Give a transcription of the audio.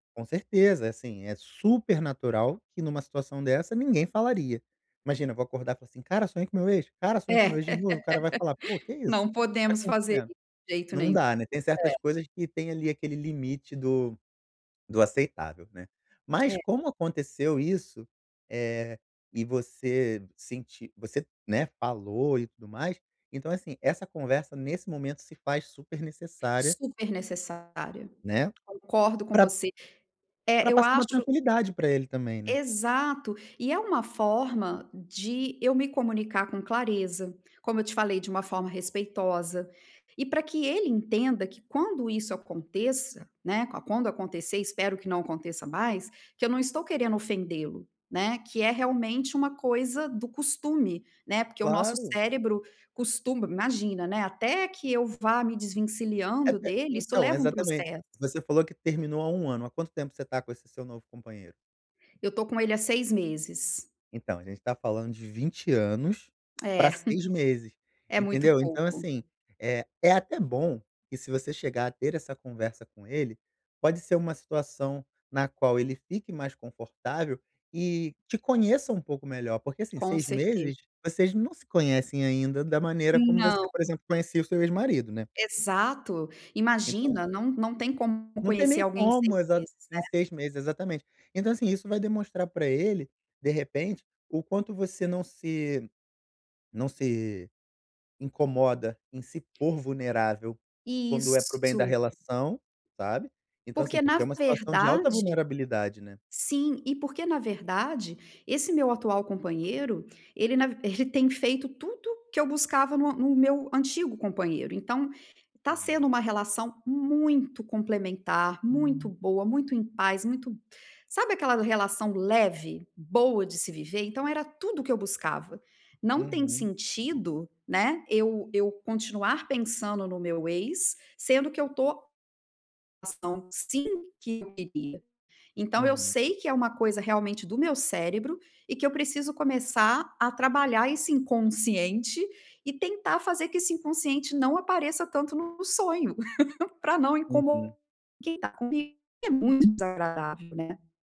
Com certeza. É, assim, é super natural que numa situação dessa ninguém falaria. Imagina, eu vou acordar com assim: "Cara, sonhei com meu ex. Cara, É. sonhei com meu ex de novo". O cara vai falar: "Pô, que isso? Não O que tá podemos fazer acontecendo?". isso de jeito Não nenhum. dá, né. Tem É. certas coisas que tem, ali, aquele limite do do aceitável, né. Mas, É. como aconteceu isso, eh, e você senti você, né, falou e tudo mais. Então, é assim, essa conversa nesse momento se faz super necessária Super necessária. né? Concordo com Pra você. pra É, eu passar uma acho tranquilidade pra ele também, né? Exato. E, é uma forma de eu me comunicar com clareza, como eu te falei, de uma forma respeitosa. E pra que ele entenda que quando isso aconteça, né, qua quando acontecer espero que não aconteça mais que eu não tô querendo ofendê-lo, né. Que é realmente uma coisa do costume, né. Porque o nosso Claro! cérebro costuma imagina, né, até, que eu vá me desvencilhando [unintelligible] dele, isso Então, leva um exatamente. processo. Você falou que terminou há 1 ano. Há quanto tempo você tá com esse seu novo companheiro? Eu tô com ele há 6 meses. Então, a gente tá falando de 20 anos É. pra 6 meses. É muito Entendeu? Então, pouco. assim, eh, é até bom que se você chegar a ter essa conversa com ele, pode ser uma situação na qual ele fique mais confortável e te conheça um pouco melhor. Porque, assim, Com 6 certe meses, vocês não se conhecem ainda da maneira como você, Não. por exemplo, conhecia o seu ex-marido, né? Exato! Então Imagina, não não tem como não tem conhecer nem alguém em 6 como. Exa meses, né. em 6 meses. Exatamente. Então, assim, isso vai demonstrar pra ele, de repente, o quanto você não se não se incomoda em se pôr vulnerável, quando é para o bem da Isso! relação, sabe. Então, assim, Porque, na porque é uma situação de alta verdade vulnerabilidade, né. Sim. E, porque na verdade, esse meu atual companheiro, ele na v ele tem feito tudo que eu buscava no a no meu antigo companheiro. Então, tá Uhum. sendo uma relação muito complementar, muito boa, muito em paz, muito sabe aquela relação leve? Boa de se viver? Então, era tudo o que eu buscava. Não tem Uhum. sentido, né, eu eu continuar pensando no meu ex, sendo que eu tô ação sim que eu queria. Então, eu Uhum. sei que é uma coisa realmente do meu cérebro e que eu preciso começar a trabalhar esse inconsciente e tentar fazer que esse inconsciente não apareça tanto no no sonho, pra não Uhum. incomo quem tá comigo. E é muito desagradável, né.